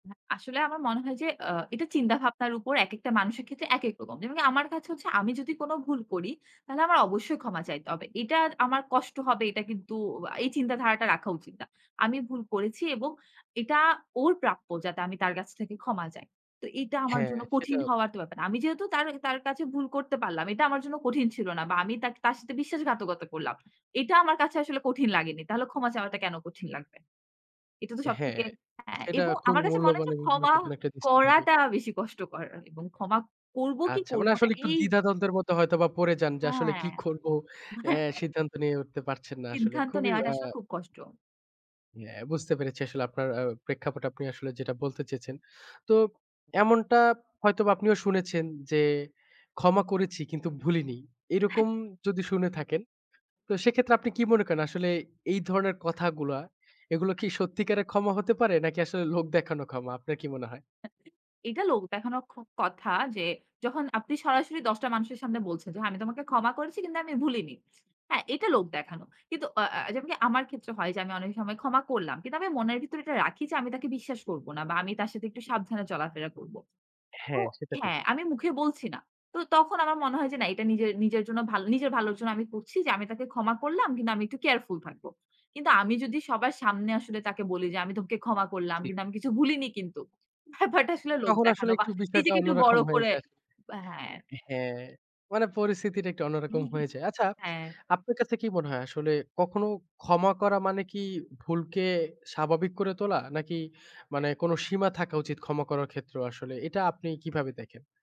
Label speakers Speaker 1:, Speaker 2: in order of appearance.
Speaker 1: এ আসলে আমার মনে হয় এ্যাঁ এটা চিন্তা ভাবনার উপর একেকটা মানুষের ক্ষেত্রে একেক রকম। যেমন আমার কাছে হচ্ছে আমি যদি কোন ভুল করি, তাহলে আমার অবশ্যই ক্ষমা চাইতে হবে। এটা আমার কষ্ট হবে, এটা কিন্তু এই চিন্তাধারাটা রাখা উচিত না। আমি ভুল করেছি এবং এটা, ওর প্রাপ্য যাতে আমি তার কাছ থেকে ক্ষমা চাই। তো এটা আমার
Speaker 2: হ্যাঁ,
Speaker 1: জন্য কঠিন
Speaker 2: সেটা।
Speaker 1: হওয়ার তো ব্যাপার না। আমি যেহেতু তার তার কাছে ভুল করতে পারলাম। এটা আমার জন্য কঠিন ছিল না। বা আমি তার, তার সাথে বিশ্বাসঘাতকতা করলাম। এটা আমার কাছে আসলে কঠিন লাগেনি। তাহলে ক্ষমা চাওয়াটা কেন কঠিন লাগবে? এটা তো সব
Speaker 2: হ্যাঁ,
Speaker 1: থেকে হ্যা,
Speaker 2: সেটা
Speaker 1: এবং আমার
Speaker 2: খুবই
Speaker 1: কাছে মনে
Speaker 2: মূল্যবান
Speaker 1: হচ্ছে,
Speaker 2: এবং
Speaker 1: ক্ষমা
Speaker 2: গুরুত্বপূর্ণ একটা দৃষ্টি থাকে।
Speaker 1: করাটা বেশি কষ্টকর এবং ক্ষমা করবো কি,
Speaker 2: আচ্ছা, মানে
Speaker 1: করবো না
Speaker 2: আসলে
Speaker 1: এই
Speaker 2: দ্বিধা দ্বন্দ্বের মত হয়তো বা পড়ে যান, যে আসলে
Speaker 1: হ্যাঁ।
Speaker 2: কি করব
Speaker 1: হ্যাঁ,
Speaker 2: এ্যাঁ
Speaker 1: হ্যাঁ।
Speaker 2: সিদ্ধান্ত নিয়ে উঠতে পারছেন না আসলে।
Speaker 1: সিদ্ধান্ত
Speaker 2: খুবই
Speaker 1: নেওয়াটা আসলে
Speaker 2: এ্যাঁ
Speaker 1: খুব কষ্ট।
Speaker 2: হ্যা, বুঝতে পেরেছি আসলে আপনার এ্যাঁ প্রেক্ষাপট আপনি আসলে যেটা বলতে চেয়েছেন। তো এমনটা হয়তোবা আপনিও শুনেছেন যে, ক্ষমা করেছি কিন্তু ভুলিনি।
Speaker 1: হ্যাঁ।
Speaker 2: এরকম যদি শুনে থাকেন তো সেক্ষেত্রে আপনি কি মনে করেন আসলে এই ধরনের কথাগুলা এগুলা কি সত্যিকারের ক্ষমা হতে পারে, নাকি আসলে লোক দেখানো ক্ষমা আপনার কি মনে হয়?
Speaker 1: এটা লোক দেখানোর ক কথা যে, যখন আপনি সরাসরি ১০ টা মানুষের সামনে বলছেন যে, "আমি তোমাকে ক্ষমা করেছি কিন্তু আমি ভুলিনি।" হ্যাঁ, এটা লোক দেখানো। কিন্তু অ এ্যাঁ যেমনকি আমার ক্ষেত্রে হয় যে, আমি অনেক সময় ক্ষমা করলাম। কিন্তু আমি মনের ভিতরে এটা রাখি যে, আমি তাকে বিশ্বাস করব না। বা আমি তার সাথে একটু সাবধানে চলাফেরা করব।
Speaker 2: হ্যা,
Speaker 1: তো
Speaker 2: সেটা ঠিক।
Speaker 1: হ্যাঁ, আমি মুখে বলছি না। তো তখন আমার মনে হয় যে না এটা নিজের নিজের জন্য নিজের ভালোর জন্য আমি করছি যে, আমি তাকে ক্ষমা করলাম কিন্তু আমি একটু কেয়ারফুল থাকব। কিন্তু আমি যদি সবার সামনে আসলে তাকে বলি যে, আমি তোমাকে ক্ষমা করলাম
Speaker 2: ঠিক।
Speaker 1: কিন্তু আমি কিছু ভুলিনি কিন্তু। ব্যাপারটা আসলে লোক
Speaker 2: তখন আসলে
Speaker 1: দেখানো বা
Speaker 2: একটু বিষয়টা
Speaker 1: নিজেকে একটু বড়
Speaker 2: অন্যরকম হয়ে
Speaker 1: করে
Speaker 2: যায়।
Speaker 1: হ্যাঁ।
Speaker 2: হ্যাঁ, মানে পরিস্থিতিটা একটু অন্যরকম হয়ে যায়। আচ্ছা,
Speaker 1: হ্যাঁ।
Speaker 2: আপনার কাছে কি মনে হয় আসলে কখনো ক্ষমা করা মানে কি ভুলকে স্বাভাবিক করে তোলা নাকি মানে কোন সীমা থাকা উচিত ক্ষমা করার ক্ষেত্রেও আসলে এটা আপনি কিভাবে দেখেন?